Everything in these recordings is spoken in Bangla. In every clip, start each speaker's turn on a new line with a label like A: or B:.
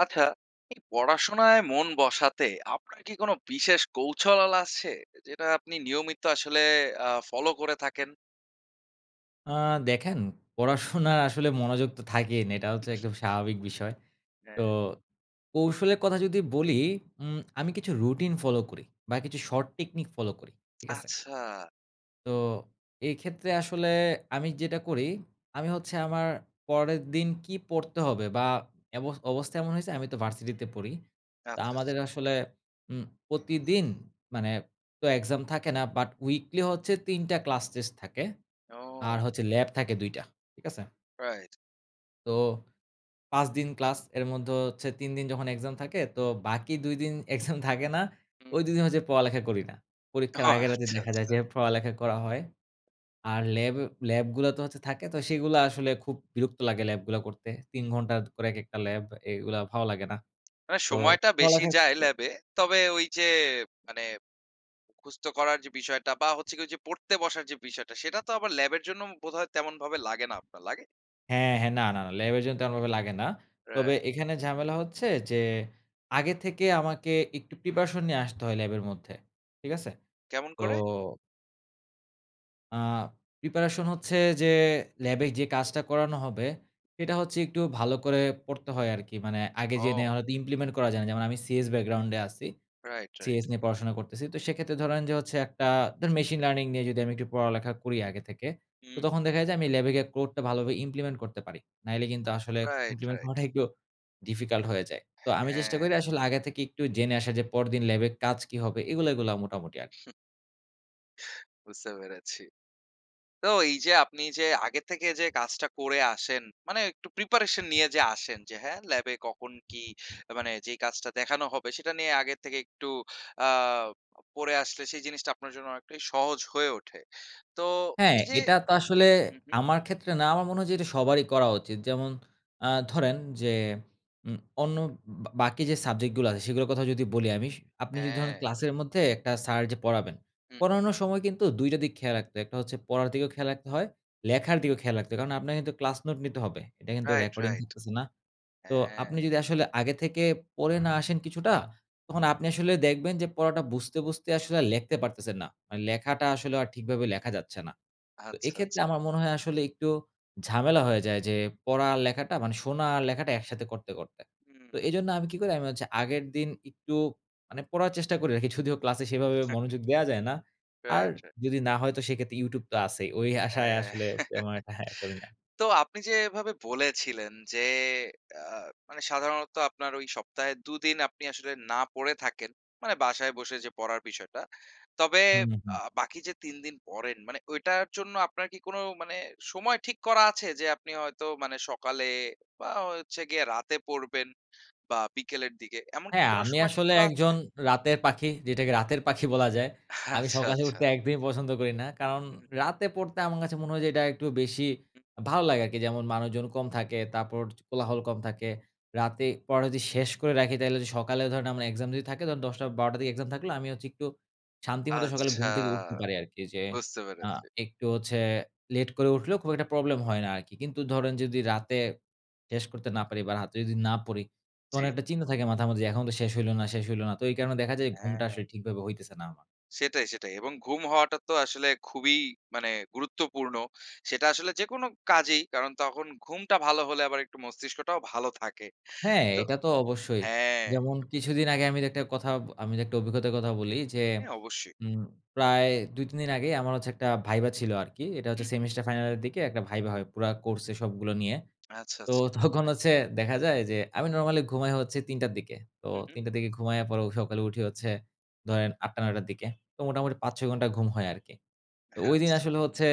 A: আচ্ছা, এই পড়াশোনায় মন বসাতে আপনার কি কোনো বিশেষ কৌশল আছে, যেটা আপনি নিয়মিত আসলে আ ফলো করে থাকেন?
B: আ দেখেন, পড়াশোনা আসলে মনোযোগ তো থাকেই না, এটা হচ্ছে একদম স্বাভাবিক বিষয়।
A: হ্যাঁ।
B: তো কৌশলের কথা যদি বলি, উম আমি কিছু রুটিন ফলো করি বা কিছু শর্ট টেকনিক ফলো করি। ঠিক আছে?
A: আচ্ছা।
B: তো এই ক্ষেত্রে আসলে আমি যেটা করি, আমি হচ্ছে আমার পরের দিন কী পড়তে হবে বা এব অবস্থা এমন হইছে আমি তো ভার্সিটিতে পড়ি, তো
A: আচ্ছা, আচ্ছা।
B: আমাদের আসলে উম প্রতিদিন, মানে তো এক্সাম থাকে না, বাট উইকলি হচ্ছে ৩ টা ক্লাস টেস্ট থাকে আর
A: ও।
B: হচ্ছে ল্যাব থাকে ২ টা। ঠিক আছে?
A: রাইট।
B: তো ৫ দিন ক্লাস, এর মধ্যে হচ্ছে ৩ দিন যখন এক্সাম থাকে, তো বাকি ২ দিন এক্সাম থাকে না,
A: হুম।
B: ওই ২ দিন হচ্ছে পড়ালেখা করি না।
A: ওহ,
B: পরীক্ষার আগের রাতে
A: আচ্ছা,
B: দেখা যায়
A: আচ্ছা।
B: যে, পড়ালেখা করা হয় আর ল্যাব, ল্যাবগুলা তো হচ্ছে থাকে তো সেগুলা আসলে খুব বিরক্ত লাগে ল্যাবগুলা করতে। ৩ ঘন্টা করে এক একটা ল্যাব। এগুলা ভালো লাগে না।
A: মানে
B: তো
A: সময়টা বেশি
B: পড়ালেখার
A: যায়
B: ক্ষেত্রে
A: ল্যাবে। তবে ওই যে, মানে মুখস্থ করার যে বিষয়টা বা হচ্ছে গিয়ে ওইযে পড়তে বসার যে বিষয়টা, সেটা তো আবার ল্যাবের জন্য বোধহয় তেমনভাবে লাগে না আপনার, লাগে?
B: হ্যাঁ, হ্যাঁ। না, না, না, ল্যাবের জন্য তেমনভাবে লাগে না। তবে
A: রাইট, রাইট।
B: এখানে ঝামেলা হচ্ছে যে, আগের থেকে আমাকে একটু প্রিপারেশন নিয়ে আসতে হয় ল্যাবের মধ্যে। ঠিক আছে?
A: কেমন
B: তো
A: করে?
B: আ প্রিপারেশন হচ্ছে, যে ল্যাবে যে কাজটা করানো হবে, এটা হচ্ছে একটু ভালো করে পড়তে হয় আরকি, মানে আগে জেনে
A: ও!
B: হয়তো ইমপ্লিমেন্ট করা যায় না। যেমন আমি সিএস ব্যাকগ্রাউন্ডে আছি,
A: রাইট, রাইট।
B: সিএস নিয়ে পড়াশোনা করতেছি। তো সেক্ষেত্রে ধরেন যে হচ্ছে একটা ধরেন মেশিন লার্নিং নিয়ে যদি আমি একটু পড়ালেখা করি আগে থেকে, তো
A: হুম।
B: তখন দেখা যায় আমি ল্যাবে গিয়ে কোডটা ভালোভাবে ইমপ্লিমেন্ট করতে পারি। নাইলে কিন্তু আসলে
A: রাইট,
B: ইমপ্লিমেন্ট
A: রাইট।
B: করাটা একটু ডিফিকাল্ট হয়ে যায়। তো আমি চেষ্টা
A: হ্যাঁ।
B: করি আসলে আগে থেকে একটু জেনে আসার, যে পরদিন ল্যাবের কাজ কী হবে? এগুলো, এগুলো মোটামুটি আরকি।
A: বুঝতে পেরেছি। তো এই যে আপনি যে আগের থেকে যে কাজটা করে আসেন, মানে একটু প্রিপারেশন নিয়ে যে আসেন। যে, "হ্যাঁ, ল্যাবে কখন কী?" আ মানে যেই কাজটা দেখানো হবে, সেটা নিয়ে আগের থেকে একটু আ অ পড়ে আসলে সেই জিনিসটা আপনার জন্য অনেকটাই সহজ হয়ে ওঠে। তো
B: হ্যাঁ,
A: এই যে
B: এটা তো আসলে
A: হু, হু।
B: আমার ক্ষেত্রে না। আমার মনে হয় যে এটা সবারই করা উচিত। যেমন আ ধরেন যে উ অন্য বা বাকি যে সাবজেক্ট গুলো আছে সেগুলোর কথা যদি বলি আমি স আপনি যদি ধরেন
A: হ্যাঁ।
B: ক্লাসের মধ্যে একটা স্যার যে পড়াবেন,
A: উহু।
B: পড়ানোর সময় কিন্তু ২ টা দিক খেয়াল রাখতে হয়। একটা হচ্ছে পড়ার দিকেও খেয়াল রাখতে হয়, লেখার দিকেও খেয়াল রাখতে হয়। কারণ আপনে কিন্তু ক্লাস নোট নিতে হবে। এটা কিন্তু
A: রাইট,
B: রেকর্ডিং
A: রাইট।
B: থাকতেছে না। তো
A: হ্যাঁ।
B: আপনি যদি আসলে আগে থেকে পড়ে না আসেন কিছুটা, তখন আপনি আসলে দেখবেন যে পড়াটা বুঝতে, বুঝতে আসলে লেখতে পারতেছেন না। লেখাটা আসলে আর ঠিকভাবে লেখা যাচ্ছে না। তো
A: আচ্ছা, আচ্ছা।
B: এক্ষেত্রে আমার মনে হয় আসলে একটু ঝামেলা হয়ে যায় যে, পড়া আর লেখাটা মানে শোনা আর লেখাটা একসাথে করতে, করতে।
A: হুম।
B: তো এজন্য আমি কি করি? আমি হচ্ছে আগের দিন একটু মানে পড়ার চেষ্টা করে রাখি যদিও ক্লাসে সেভাবে মনোযোগ দেয়া যায় না। আর
A: রাইট, রাইট।
B: যদি না হয় তো সেক্ষেত্রে YouTube তো আছেই। ওই আশায় আসলে তেমন একটা হ্যাঁ করি না।
A: তো আপনি যে এভাবে বলেছিলেন যে, আ মানে সাধারণত আপনার ওই সপ্তাহে ২ দিন আপনি আসলে না পড়ে থাকেন, মানে বাসায় বসে যে পড়ার বিষয়টা। তবে
B: হু, হু, হু।
A: আ বাকি যে ৩ দিন পড়েন মানে ঐটার জন্য আপনার কি কোন মানে সময় ঠিক করা আছে? যে আপনি হয়তো মানে সকালে বা হচ্ছে গিয়ে রাতে পড়বেন বা বিকেলের দিকে, এমন কি
B: হ্যাঁ,
A: কোন
B: আমি
A: সময় ঠিক
B: আসলে
A: করা আছে?
B: একজন রাতের পাখি যেটাকে রাতের পাখি বলা যায়। আমি
A: আচ্ছা,
B: সকালে
A: আচ্ছা।
B: উঠতে একদিনই পছন্দ করি না। কারণ
A: হু, হু।
B: রাতে পড়তে আমার কাছে মনে হয় যে এটা একটু বেশি
A: হু।
B: ভালো লাগে আরকি। যেমন মানুষজন কম থাকে। তারপর কোলাহল কম থাকে। রাতে পড়া যদি শেষ করে রাখি, তাহলে যদি সকালে ধরেন আমার এক্সাম যদি থাকে, তখন ১০ঃ০০ ১২ঃ০০ র দিকে এক্সাম থাকলে আমি হচ্ছে একটু শান্তিমতো সকালে
A: আচ্ছা,
B: ঘুম থেকে উঠতে পারি আরকি। যে
A: বুঝতে
B: আ
A: পেরেছি।
B: একটু হচ্ছে লেট করে উঠলেও খুব একটা প্রবলেম হয় না আরকি। কিন্তু ধরেন যদি রাতে শেষ করতে না পারি, বা রাতে যদি না পড়ি, তখন
A: জ্বি।
B: একটা চিন্তা থাকে মাথার মধ্যে এখন তো শেষ হইল না, শেষ হইল না। তো এই কারণে দেখা যায়
A: হ্যা,
B: ঘুমটা
A: হ্যাঁ।
B: আসলে ঠিকভাবে হইতেছে না আমার।
A: সেটাই, সেটাই এবং ঘুম হওয়াটা তো আসলে খুবই মানে গুরুত্বপূর্ণ। সেটা আসলে যেকোনো কাজেই, কারণ তখন ঘুমটা ভালো হলে আবার একটু মস্তিষ্কটাও ভালো থাকে।
B: হ্যাঁ,
A: তো
B: এটা তো অবশ্যই।
A: হ্যাঁ।
B: যেমন কিছুদিন আগে আমির একটা কথা আমি একটা অভিজ্ঞতার কথা বলি, যে
A: হ্যাঁ, অবশ্যই।
B: উম প্রায় ২ ৩ দিন আগেই আমার হচ্ছে একটা ভাইভা ছিল আরকি। এটা হচ্ছে
A: উহু।
B: সেমিস্টার ফাইনালের দিকে একটা ভাইভা হয় পুরা কোর্সে সবগুলো নিয়ে।
A: আচ্ছা,
B: তো
A: আচ্ছা।
B: তখন হচ্ছে দেখা যায় যে, আমি নরমালি ঘুমাই হচ্ছে ৩ঃ০০ র দিকে। তো
A: হু, হু।
B: ৩ঃ০০ র দিকে ঘুমাইয়া পরেও সকালে উঠি হচ্ছে ধরেন ৮ঃ০০ ৯ঃ০০ র দিকে। তো মোটামুটি ৫ ৬ ঘন্টা ঘুম হয় আরকি। তো ওইদিন
A: আচ্ছা।
B: আসলে হচ্ছে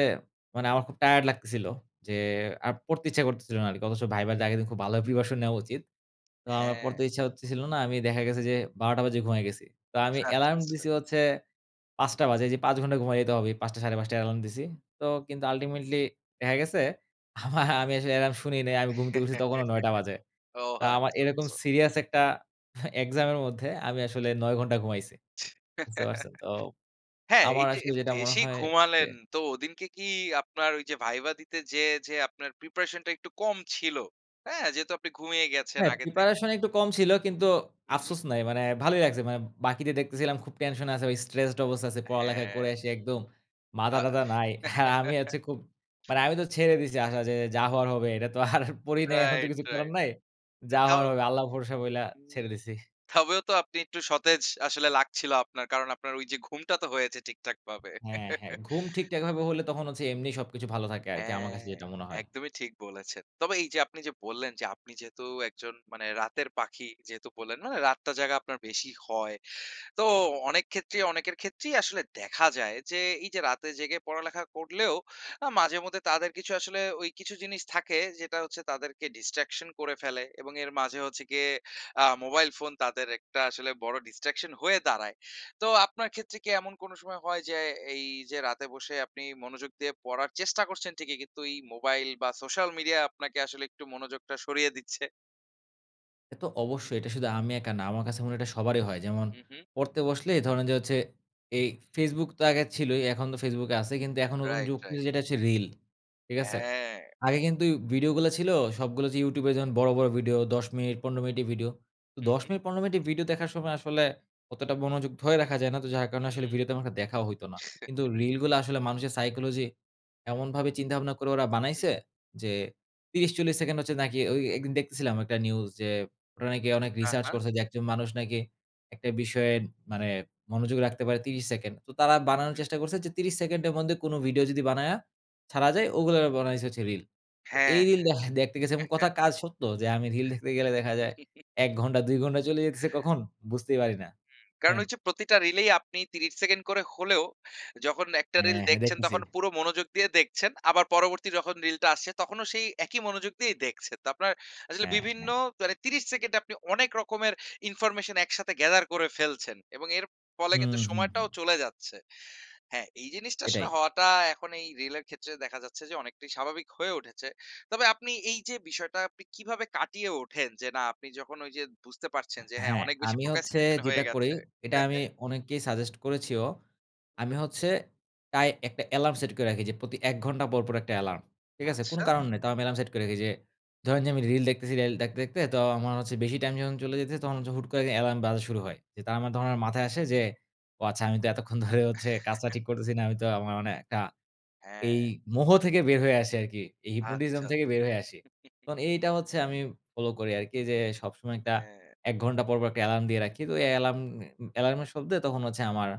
B: মানে আমার খুব টায়ারড লাগতেছিল। যে আর পড়তে ইচ্ছা করতেছিল না আরকি। অথচ ভাইভাতে আগের দিন খুব ভালো প্রিপারেশন নেওয়া উচিত। তো আমার পড়তে
A: হ্যাঁ।
B: ইচ্ছা করতেছিল না আমি দেখা গেছে যে ১২ঃ০০ বাজে ঘুমায়ে গেছি। তো আমি
A: আচ্ছা, আচ্ছা।
B: এলার্ম দিছি হচ্ছে ৫ঃ০০ বাজে যে ৫ ঘন্টা ঘুমায় যেতে হবে। ৫ঃ০০ ৫:৩০ য় অ্যালার্ম দিছি। তো কিন্তু আল্টিমেটলি দেখা গেছে আমা আমি আসলে এলার্ম শুনি নাই। আমি ঘুমতে উঠছি তখনো ৯ঃ০০ বাজে।
A: ও
B: তা আমার
A: আচ্ছা
B: এরকম
A: আচ্ছা।
B: সিরিয়াস একটা এক্সাম এর মধ্যে আমি আসলে ৯ ঘন্টা ঘুমাইছি। বুঝতে পারছেন? তো
A: হ্যাঁ, এই
B: আমার
A: যে, এ
B: আসলে যেটা মনে
A: বেশি
B: হয় যে
A: ঘুমালেন তো ওদিনকে কি আপনার ওই যে ভাইবা দিতে যেয়ে যে আপনার প্রিপারেশন টা একটু কম ছিল, হ্যাঁ? যেহেতু আপনি ঘুমিয়ে গেছেন
B: হ্যাঁ
A: আগের থেকে
B: প্রিপারেশন একটু কম ছিল কিন্তু,
A: হু, হু।
B: আফসোস নাই। মানে ভালোই লাগছে। মানে বাকিদের দেখতেছিলাম খুব টেনশন আছে। স্ট্রেসড অবস্থা আছে, পড়ালেখা
A: হ্যাঁ।
B: করে আসি একদম মাথা
A: আ
B: টাথা নাই। আর আমি হচ্ছে খুব মানে আমি তো ছেড়ে দিছি আসা যে যা হওয়ার হবে। এটা তো আর পড়ি নাই, এখন তো
A: রাইট,
B: কিছু করার
A: রাইট।
B: নাই।
A: তা
B: যা
A: তাও
B: হওয়ার হবে। আল্লাহ ভরসা বইলা
A: হুম।
B: ছেড়ে দিছি।
A: তবেও তো আপনি একটু সতেজ আসলে লাগছিল আপনার, কারণ আপনার ওই যে ঘুমটা তো হয়েছে ঠিকঠাকভাবে।
B: হ্যাঁ, হ্যাঁ। ঘুম ঠিকঠাকভাবে হলে তখন হচ্ছে এমনি সবকিছু ভালো থাকে আরকি। আমার
A: হ্যাঁ
B: কাছে যেটা মনে হয়।
A: একদমই ঠিক বলেছেন। তবে এই যে আপনি যে বললেন যে আপনি যেহেতু একজন মানে রাতের পাখি। যেহেতু বললেন মানে রাতটা জাগা আপনার বেশি হয়, তো অনেক ক্ষেত্রেই অনেকের ক্ষেত্রেই আসলে দেখা যায়, যে এই যে রাতে জেগে পড়ালেখা করলেও আ মাঝেমধ্যে তাদের কিছু আসলে ওই কিছু জিনিস থাকে, যেটা হচ্ছে তাদেরকে ডিস্ট্রাকশন করে ফেলে এবং এর মাঝে হচ্ছে গিয়ে আ মোবাইল ফোন তাদের একটা আসলে বড় ডিস্ট্রাকশন হয়ে দাঁড়ায়। তো আপনার ক্ষেত্রে কি এমন কোন সময় হয়, যে এই যে রাতে বসে আপনি মনোযোগ দিয়ে পড়ার চেষ্টা করছেন ঠিকই কিন্তু, এই মোবাইল বা সোশ্যাল মিডিয়া আপনাকে আসলে একটু মনোযোগটা সরিয়ে দিচ্ছে?
B: এ তো অবশ্যই। এটা শুধু আমি একা না, আমার কাছে মনে হয় এটা সবারই হয়। যেমন,
A: হুম, হুম।
B: পড়তে বসলে ধরেন যে হচ্ছে, এই Facebook তো আগে ছিলোই, এখন তো Facebook কে আছে। কিন্তু এখন নতুন
A: রাইট,
B: যুগ,
A: রাইট।
B: যেটা হচ্ছে রিল, ঠিক আছে?
A: হ্যাঁ।
B: আগে কিন্তু উই ভিডিওগুলা ছিল সবগুলা যে YouTube এ যেমন বড়, বড় ভিডিও ১০ মিনিট, ১৫ মিনিটের ভিডিও। তো
A: হুঁ,
B: ১০
A: হুঁ।
B: মিনিট, ১৫ মিনিটের ভিডিও দেখার সময় আসলে, অতটা মনযোগ ধরে রাখা যায় না। তো যার কারণে আসলে
A: হুম।
B: ভিডিও তেমন একটা দেখাও হইতো না। কিন্তু রিলগুলা আসলে মানুষের সাইকোলজি, এমনভাবে চিন্তা-ভাবনা করে ওরা
A: হু।
B: বানাইছে যে, ৩০, ৪০ সেকেন্ড হচ্ছে নাকি ওই একদিন দেখতেছিলাম একটা নিউজ যে, ওরা নাকি অনেক
A: হ্যাঁ,
B: রিসার্চ
A: হ্যাঁ।
B: করছে যে, একজন মানুষ নাকি একটা বিষয়ে মানে মনোযোগ রাখতে পারে ৩০ সেকেন্ড। তো তারা বানানোর
A: হুম।
B: চেষ্টা করছে যে, ৩০ সেকেন্ডের মধ্যে কোনো ভিডিও যদি বানায়া ছাড়া যায়, ওগুলা বানাইছে হচ্ছে রিল। তো
A: হ্যাঁ,
B: এই
A: হ্যাঁ।
B: রিল দেখা দেখতে গেছি এবং কথা কাজ সত্য। যে আমি রিল দেখতে গেলে দেখা যায় ১ ঘন্টা, ২ ঘন্টা চলে যেতেছে কখন, বুঝতেই পারি না।
A: হুম। কারণ
B: হ্যান
A: ওই যে প্রতিটা রিলেই আপনি ৩০ সেকেন্ড করে হলেও, যখন একটা রিল
B: হ্যাঁ, হ্যাঁ।
A: দেখছেন
B: দেখতেছি।
A: তখন পুরো মনোযোগ দিয়ে দেখছেন। আবার পরবর্তী যখন রিলটা আসছে, তখনও সেই একই মনোযোগ দিয়েই দেখছে। তো আপনার আসলে
B: হ্যাঁ,
A: বিভিন্ন
B: হ্যাঁ।
A: তারে ৩০ সেকেন্ড এ আপনি অনেক রকমের ইনফরমেশন একসাথে gather করে ফেলছেন এবং এর ফলে কিন্তু
B: হুম, হুম, হুম।
A: সময়টাও চলে যাচ্ছে। হ্যাঁ, এই জিনিসটা আসলে
B: এটাই।
A: হওয়াটা এখন এই রিল এর ক্ষেত্রে দেখা যাচ্ছে যে, অনেকটাই স্বাভাবিক হয়ে উঠেছে। তবে আপনি এই যে বিষয়টা আপনি কীভাবে কাটিয়ে ওঠেন? যে না, আপনি যখন ওই যে বুঝতে পারছেন, যে হ্যাঁ,
B: হ্যাঁ।
A: অনেক বেশি
B: আমি হচ্ছে
A: procrastination হয়ে
B: যেটা করি,
A: গেছে
B: এটা
A: হ্যাঁ,
B: আমি
A: হ্যাঁ।
B: অনেককেই সাজেস্ট করেছিও। আমি হচ্ছে, তাই একটা এলার্ম সেট করে রাখি যে, প্রতি ১ ঘন্টা পরপর একটা এলার্ম। ঠিক আছে? কোনো
A: আচ্ছা।
B: কারণ নেই। তাও আমি অ্যালার্ম সেট করে রাখি যে, ধরেন যে আমি রিল দেখতেছি, রিল দেখতে দেখতে তো আমার হচ্ছে বেশি টাইম যখন চলে যাইতেসে, তখন হচ্ছে হুট করে এলার্ম বাজা শুরু হয়। যে তার মাধ্যমে আমার মাথায় আসে যে, "ও আচ্ছা, আমি তো এতক্ষণ ধরে হচ্ছে কাজটা ঠিক করতেছি না।" আমি তো আমার মানে কা এই
A: হ্যাঁ।
B: মোহ থেকে বের হয়ে আসে আরকি, এই hypnotism
A: আচ্ছা, আচ্ছা।
B: থেকে বের হয়ে আসি। কারণ, এইটা হচ্ছে আমি ফলো করি আরকি যে, সবসময় একটা
A: হ্যাঁ।
B: ১ ঘন্টা পরপর একটা এলার্ম দিয়ে রাখি। তো এই এলার্ম এ এলার্মের শব্দে তখন হচ্ছে আমার,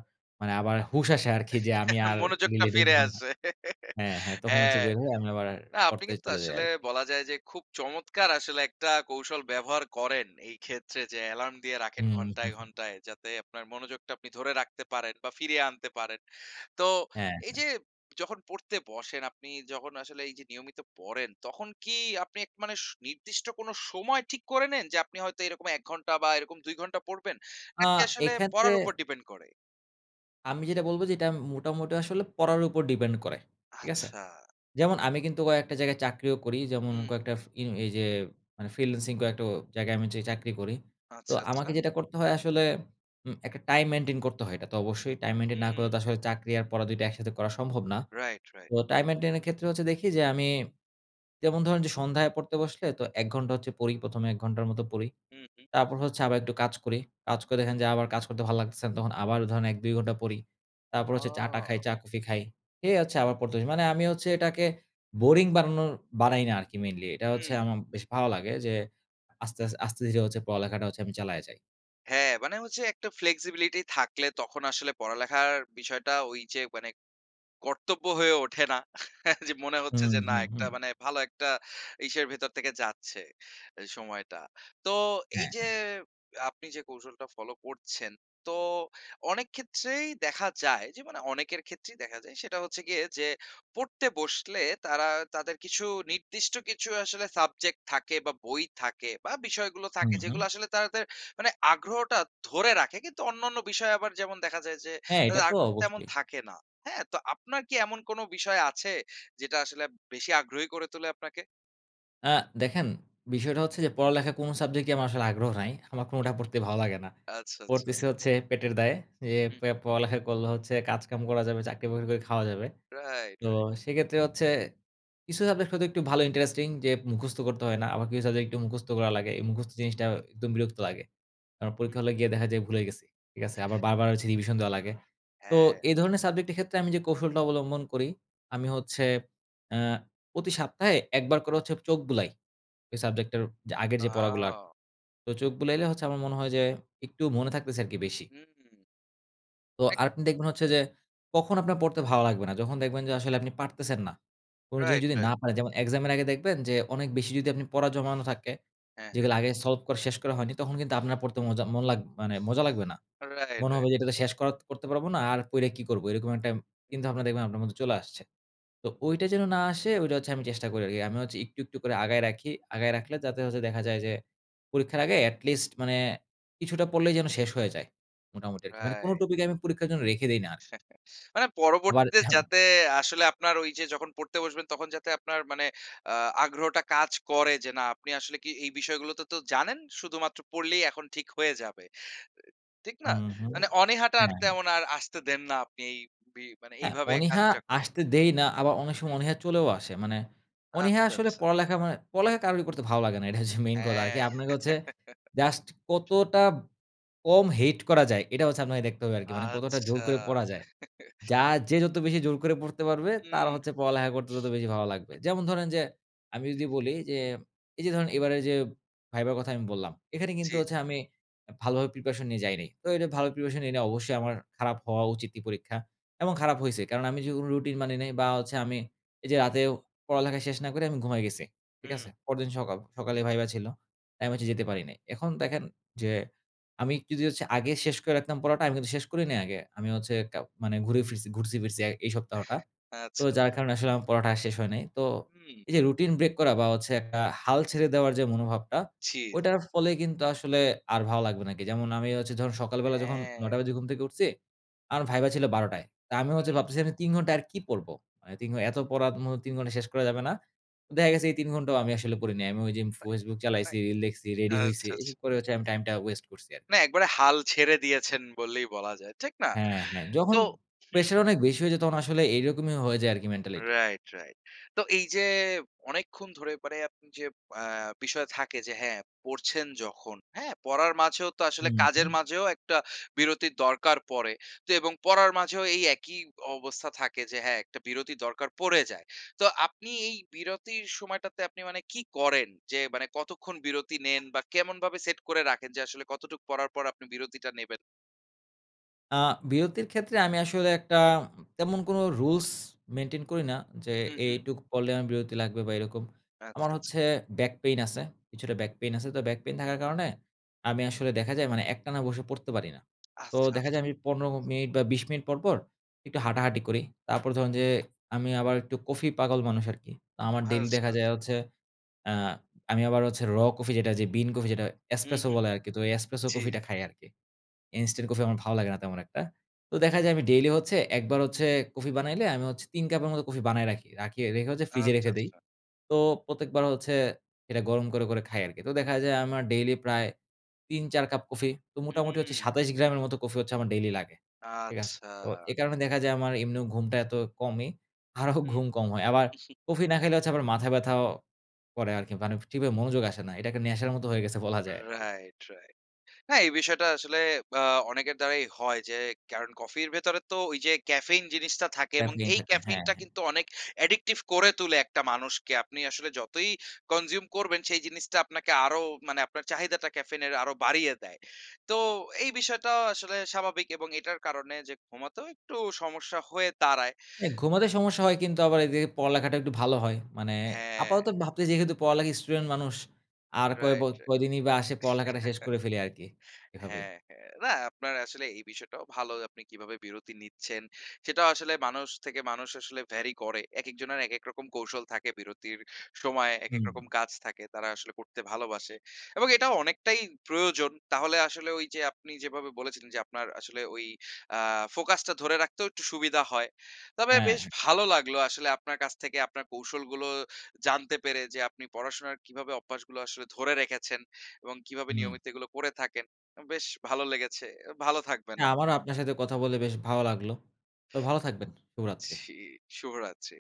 B: মানে আবার হুশ আসে আরকি যে, আমি আর
A: মনোযোগটা
B: রিলে
A: ফিরে
B: ঢুকবো না।
A: আসে।
B: হ্যাঁ, হ্যাঁ। তখন হচ্ছে
A: হ্যাঁ।
B: বের হয়ে আমি আবার
A: না, আপনি
B: পড়তে
A: কিন্তু
B: চলে যাই
A: আসলে
B: আরকি।
A: বলা যায় যে, খুব চমৎকার আসলে একটা কৌশল ব্যবহার করেন। এই ক্ষেত্রে যে অ্যালার্ম দিয়ে রাখেন
B: হুম।
A: ঘন্টায়, ঘন্টায়, যাতে আপনার মনোযোগটা আপনি ধরে রাখতে পারেন বা ফিরিয়ে আনতে পারেন। তো
B: হ্যাঁ,
A: এই
B: হ্যাঁ।
A: যে যখন পড়তে বসেন আপনি যখন আসলে এই যে নিয়মিত পড়েন, তখন কি আপনি এক মানে নির্দিষ্ট কোনো সময় ঠিক করে নেন? যে আপনি হয়তো এরকম ১ ঘন্টা বা এরকম ২ ঘন্টা পড়বেন
B: আ
A: নাকি আসলে
B: এক্ষেত্রে
A: পড়ার উপর ডিপেন্ড করে?
B: আমি যেটা বলব যে, এটা আম মোটামুটি আসলে পড়ার উপর depend করে। ঠিক আছে?
A: আচ্ছা।
B: যেমন আমি কিন্তু কয়েকটা জায়গায় চাকরিও করি। যেমন
A: হুম, হুম।
B: কয়েকটা ফিং এইযে মানে ফ্রিল্যান্সিং কয়েকটা ও জায়গায় আমি যেই চাকরি করি। তো
A: আচ্ছা,
B: আমাকে
A: আচ্ছা।
B: যেটা করতে হয় আসলে উম একটা টাইম মেইনটেইন করতে হয়, এটা তো অবশ্যই টাইম মেইনটেইন না করলে
A: হুম।
B: আসলে চাকরি আর পড়া দুইটা একসাথে করা সম্ভব না।
A: Right, right.
B: তো টাইম মেইনটেইন এর ক্ষেত্রে হচ্ছে দেখি যে আমি যেমন ধরেন যে, সন্ধ্যায় পড়তে বসলে তো ১ ঘন্টা হচ্ছে পড়ি ১ম এ ১ ঘন্টার মতো পড়ি।
A: হুম, হুম।
B: তারপর হচ্ছে আবার একটু কাজ করি। কাজ করে দেখেন যে আবার কাজ করতে ভাল লাগতেছে না তখন আবার ধরেন ১-২ ঘন্টা পড়ি। তারপর হচ্ছে চা-টা খাই,
A: ও!
B: চা-কফি খাই। খেয়ে হচ্ছে আবার পড়তে যাই। মানে আমি হচ্ছে এটাকে বোরিং বানানোর বানাই না আরকি মেইনলি। এটা হচ্ছে
A: হুম।
B: আমার বেশ ভালো লাগে যে আস্তে, আস্ত ধীরে হচ্ছে পড়ালেখাটা হচ্ছে আমি চালায় যাই।
A: হ্যাঁ, মানে হচ্ছে একটা flexibility থাকলে তখন আসলে পড়ালেখার বিষয়টা ওই যে মানে কর্তব্য হয়ে ওঠে না। যে মনে হচ্ছে
B: হুম,
A: যে, না,
B: হুম,
A: একটা
B: হুম।
A: মানে ভালো একটা ইসের ভেতর থেকে যাচ্ছে এ সময়টা। তো, এই
B: হ্যাঁ,
A: যে
B: হ্যাঁ।
A: আপনি যে কৌশলটা ফলো করছেন, তো অনেক ক্ষেত্রেই দেখা যায় যে, মানে অনেকের ক্ষেত্রেই দেখা যায় সেটা হচ্ছে গিয়ে যে, পড়তে বসলে তারা তাদের কিছু নির্দিষ্ট কিছু আসলে সাবজেক্ট থাকে বা বই থাকে বা বিষয়গুলো থাকে,
B: হুম, হুম।
A: যেগুলো আসলে তাদের মানে আগ্রহটা ধরে রাখে। কিন্তু অন্যান্য বিষয়ে আবার যেমন দেখা যায় যে,
B: হ্যাঁ, এটা
A: তাদের
B: তো
A: আগ্রহ তেমন
B: অবশ্যই।
A: থাকে না। হ্যাঁ? তো আপনার কি এমন কোন বিষয় আছে, যেটা আসলে বেশি আগ্রহী করে তোলে আপনাকে?
B: আ দেখেন বিষয়টা হচ্ছে যে পড়ালেখা কোন সাবজেক্টেই আমার আসলে আগ্রহ নাই। আমার কোনটা পড়তেই ভালো লাগে না।
A: আচ্ছা, আচ্ছা।
B: পড়তেছি হচ্ছে পেটের দায়ে, যে
A: হু।
B: প পড়ালেখা করলে হচ্ছে কাজকাম করা যাবে, চাকরিবাকরি করে খাওয়া যাবে।
A: Right,
B: তো
A: right.
B: সেইক্ষেত্রে হচ্ছে কিছু সাবজেক্ট হয়তো একটু ভালো ইন্টারেস্টিং যে মুখস্থ করতে হয় না আবার কিছু সাবজেক্ট একটু মুখস্থ করা লাগে। এই মুখস্থ জিনিসটা একদম বিরক্ত লাগে। আমার পরীক্ষা হলে গিয়ে দেখা যায় ভুলে গেছি। ঠিক আছে? আবার বারবার হচ্ছে রিভিশন দেওয়া লাগে। তো
A: হ্যাঁ।
B: এই ধরনের সাবজেক্ট এর ক্ষেত্রে আমি যে কৌশলটা অবলম্বন করি আমি হচ্ছে, আ প্রতি সপ্তাহে একবার করে হচ্ছে চোখ বুলাই ঐ সাবজেক্ট এর যে আগের যে পড়াগুলো।
A: আ।
B: তো চোখ বুলাইলে হচ্ছে আমার মনে হয় যে একটু মনে থাকতেছে আরকি বেশি।
A: হু, হু।
B: তো
A: এক
B: আপনি দেখবেন হচ্ছে যে কখন আপনার পড়তে ভালো লাগবে না যখন দেখবেন যে আসলে আপনি পারতেছেন না। কোন জিনিস
A: Right,
B: যদি না
A: right.
B: পারেন যেমন এক্সাম এর আগে দেখবেন যে অনেক বেশি যদি আপনি পড়া জমানো থাকে,
A: হ্যাঁ, হ্যাঁ।
B: যেগুলো আগে সলভ করা শেষ করা হয়নি তখন কিন্তু আপনার পড়তে মজা মন লাগ মানে মজা লাগবে না।
A: Right,
B: মনে
A: right.
B: হবে যে এটা শেষ কর করতে পারব না আর পইরে কি করবো এরকম একটা কিন্তু আপনার দেখবেন আপনার মধ্যে চলে আসছে। তো ঐটা যেন না আসে ঐটা হচ্ছে আমি চেষ্টা করি আরকি। আমি হচ্ছে একটু, একটু করে আগায় রাখি আগায় রাখলে যাতে হচ্ছে দেখা যায় যে পরীক্ষার আগে at least মানে কিছুটা পড়লেই যেন শেষ হয়ে যায়। মোটামুটি আর কি। মানে কোন
A: Right.
B: টপিক আমি পরীক্ষার জন্য রেখে দেই না।
A: মানে
B: আবার
A: পরবর্তীতে যাতে আসলে আপনার ওই যে যখন পড়তে বসবেন তখন যাতে আপনার মানে আ আগ্রহটা কাজ করে যে না আপনি আসলে কি এই বিষয়গুলো তো, তো জানেন, শুধুমাত্র পড়লেই এখন ঠিক হয়ে যাবে। এ ঠিক
B: হু,
A: না?
B: হু,
A: মানে অনীহাটা
B: হ্যাঁ, হ্যাঁ।
A: তেমন আর আসতে দেন না আপনি এই বি
B: হ্যাঁ,
A: এইভাবে
B: অনীহা
A: কাজটা করে। হু, হু।
B: আসতে দেই না। আবার অনেক
A: হু,
B: সময়
A: হুম।
B: অনীহা চলেও আসে। মানে অনীহা
A: আচ্ছা,
B: আসলে
A: আচ্ছা।
B: পড়ালেখা মানে, পড়ালেখা কারোরই করতে ভালো লাগে না এটা হচ্ছে মেইন কথা আরকি।
A: হ্যাঁ।
B: আপনাকে হচ্ছে জাস্ট কতটা কম হেইট করা যায়, এটা হচ্ছে আপনাকে দেখতে হবে আরকি। মানে কতটা জোর
A: আচ্ছা।
B: করে পড়া যায়। যা যে যত বেশি জোর করে পড়তে পারবে, তার
A: হু।
B: হচ্ছে পড়ালেখা করতে তত বেশি ভালো লাগবে। যেমন ধরেন যে আমি যদি বলি যে, এই যে ধরুন এইবারে যে ভাইবার কথা আমি বললাম, এখানে কিন্তু
A: জি।
B: হচ্ছে আমি ভালোভাবে প্রিপারেশন নিয়ে যাইনি। তো এ ভালো প্রিপারেশন নেই নাই অবশ্যই আমার খারাপ হওয়া উচিতই পরীক্ষা এবং খারাপ হইছে। কারণ আমি যে কোন রুটিন মানি নাই বা হচ্ছে আমি এই যে রাতেও পড়ালেখা শেষ না করে আমি ঘুমায় গেছি। ঠিক আছে?
A: হু।
B: পরদিন সকাল সকালেই ভাইভা ছিল। তা আমি হচ্ছে যেতে পারি নাই। এখন দেখেন যে, আমি কিছু যদি আগে শেষ করে রাখতাম পড়াটা আমি কিন্তু শেষ করি নাই আগে। আমি হচ্ছে কা মানে ঘুরে ফিরছি ঘুরছি ফিরছি এই সপ্তাহটা। তো
A: আচ্ছা,
B: যার
A: আচ্ছা।
B: কারণে আসলে আমার পড়াটা আর শেষ হয় নাই। তো
A: হু।
B: এই যে রুটিন ব্রেক করা বা হচ্ছে একটা হাল ছেড়ে দেওয়ার যে মনোভাবটা,
A: জি, জি।
B: ঐটার ফলে কিন্তু আসলে আর ভালো লাগবে না আরকি। যেমন আমি হচ্ছে যখন সকালবেলা যখন
A: হ্যাঁ।
B: ৯ঃ০০ বাজে ঘুম থেকে উঠছি, আমার ভাইভা ছিল ১২ঃ০০ য়। তো আমি হচ্ছে
A: হু।
B: ভাবতেছি ৩ ঘন্টা আর কি পড়ব? মানে ৩ ঘ এত পড়ার ম ৩ ঘন্টায় শেষ করা যাবে না। দেখা গেছে এই ৩ ঘন্টাও আমি আসলে পড়ি নাই। আমি ঐদিন ফেসবুক চালাইছি, লেখছি, রেডি
A: আচ্ছা,
B: হইছি।
A: আচ্ছা, আচ্ছা।
B: এসব করে হচ্ছে আমি টাইম টা waste করছি আরকি।
A: না একবারে হাল ছেড়ে দিয়েছেন বললেই বলা যায়। ঠিক না?
B: হ্যাঁ, হ্যাঁ। যখন
A: তো হু।
B: প্রেশার অনেক বেশি হয়ে যায় তখন আসলে এইরকমই হয়ে যায় আর কি মেন্টালিটি।
A: Right, right. তো এই যে অনেকক্ষণ ধরে মানে আপনি যে আ বিষয় থাকে যে হ্যাঁ পড়ছেন যখন হ্যাঁ? পড়ার মাঝেও তো
B: হু,
A: আসলে
B: হু,
A: কাজের
B: হু।
A: মাঝেও একটা বিরতির দরকার পড়ে। তো এবং পড়ার মাঝেও এই একই অবস্থা থাকে যে হ্যাঁ একটা বিরতির দরকার পড়ে যায়। তো আপনি এই বিরতির সময়টাতে আপনি মানে কী করেন? যে মানে কতক্ষণ বিরতি নেন বা কেমনভাবে সেট করে রাখেন যে আসলে কতটুকু পড়ার পর আপনি বিরতিটা নেবেন?
B: আ বিরতির ক্ষেত্রে আমি আসলে একটা তেমন কোনো রুলস মেইনটেইন করি না যে,
A: হু, হু।
B: এইটুকু পড়লে আমার বিরতি লাগবে বা এরকম।
A: আচ্ছা,
B: আমার
A: আচ্ছা।
B: হচ্ছে ব্যাক পেইন আছে। কিছুটা ব্যাক পেইন আছে। তো ব্যাক পেইন থাকার কারণে আমি আসলে দেখা যায় মানে একটানা বসে পড়তে পারি না। তো
A: আচ্ছা,
B: দেখা
A: আচ্ছা।
B: যায় আমি ১৫ মিনিট বা ২০ মিনিট পর, পর একটু হাঁটাহাঁটি করি। তারপর ধরুন যে, আমি আবার একটু কফি পাগল মানুষ আরকি। আমার ডেইলি
A: আচ্ছা,
B: দেখা যায়
A: আচ্ছা।
B: হচ্ছে, আ আমি আবার হচ্ছে র কফি যেটা যে বিন কফি যেটা
A: হু,
B: espresso
A: হু।
B: বলে আরকি তো espresso
A: জি।
B: কফিটা খাই আরকি। ইনস্টান্ট কফি আমার ভালো লাগে না তেমন একটা। তো দেখা যায় আমি ডেইলি হচ্ছে একবার হচ্ছে কফি বানাইলে আমি হচ্ছে ৩ কাপের মতো কফি বানায় রাখি রাখি রেখে হচ্ছে ফ্রিজে
A: আচ্ছা,
B: রেখে দেই।
A: আচ্ছা।
B: তো প্রত্যেকবার হচ্ছে এটা গরম করে, করে খাই আরকি। তো দেখা যায় আমার ডেইলি প্রায় ৩, ৪ কাপ কফি। তো মোটামুটি হচ্ছে
A: হুম।
B: ২৭ গ্রামের মতো কফি হচ্ছে আমার ডেইলি লাগে। ঠিক আছে?
A: আচ্ছা।
B: তো এ কারণে দেখা যায় আমার এমনিও ঘুমটা এত কমই, আরো
A: হু।
B: ঘুম কম হয়। আবার কফি না খাইলে হচ্ছে আবার মাথা ব্যাথাও করে আরকি মানে ঠিক ভাবে মনোযোগ আসে না। এটাকে নেশার মতো হয়ে গেছে বলা যায় আরকি।
A: Right, right. হ্যাঁ, এই বিষয়টা আসলে আ অনেকের দ্বারাই হয় যে কারণ কফির ভেতরে তো ওই যে ক্যাফেইন জিনিসটা থাকে এবং
B: ক্যাফেইন
A: এই
B: থাকে হ্যাঁ,
A: ক্যাফেইনটা
B: হ্যাঁ।
A: কিন্তু অনেক addictive করে তুলে একটা মানুষকে। আপনি আসলে যতই consume করবেন, সেই জিনিসটা আপনাকে আরো মানে আপনার চাহিদাটা ক্যাফেইন এর আরো বাড়িয়ে দেয়। তো এই বিষয়টা আসলে স্বাভাবিক এবং এটার কারণে যে ঘুমাতেও একটু সমস্যা হয়ে দাঁড়ায়।
B: হ্যাঁ, ঘুমাতে সমস্যা হয় কিন্তু আবার এদিকে পড়ালেখাটা একটু ভালো হয়। মানে
A: হ্যাঁ।
B: আপাতত ভাবতেছি যেহেতু পড়ালেখা স্টুডেন্ট মানুষ আর কয়ব
A: Right, right.
B: কয়দিনই বা আসে পড়ালেখাটা শেষ করে ফেলে আরকি এভাবেই।
A: হ্যাঁ, হ্যাঁ। না আপনার আসলে এই বিষয়টাও ভালো। আপনি কীভাবে বিরতি নিচ্ছেন, সেটাও আসলে মানুষ থেকে মানুষ আসলে vary করে। একেকজনের একেক রকম কৌশল থাকে, বিরতির সময় একেক
B: হু।
A: রকম কাজ থাকে, তারা আসলে করতে ভালোবাসে এবং এটাও অনেকটাই প্রয়োজন। তাহলে আসলে ওই যে আপনি যেভাবে বলেছিলেন যে, আপনার আসলে ঐ আ ফোকাস টা ধরে রাখতেও একটু সুবিধা হয়। তবে বেশ
B: হ্যাঁ।
A: ভালো লাগলো আসলে আপনার কাছ থেকে আপনার কৌশলগুলো জানতে পেরে যে, আপনি পড়াশোনার কিভাবে অভ্যাসগুলো আসলে ধরে রেখেছেন এবং কীভাবে
B: হু।
A: নিয়মিত এগুলো করে থাকেন। এম বেশ ভালো লেগেছে। এ ভালো থাকবেন আপনি।
B: হ্যাঁ, আমারও আপনার সাথে কথা বলে বেশ ভাল লাগল। তো ভাল থাকবেন। শুভরাত্রি।
A: জী, শুভরাত্রি।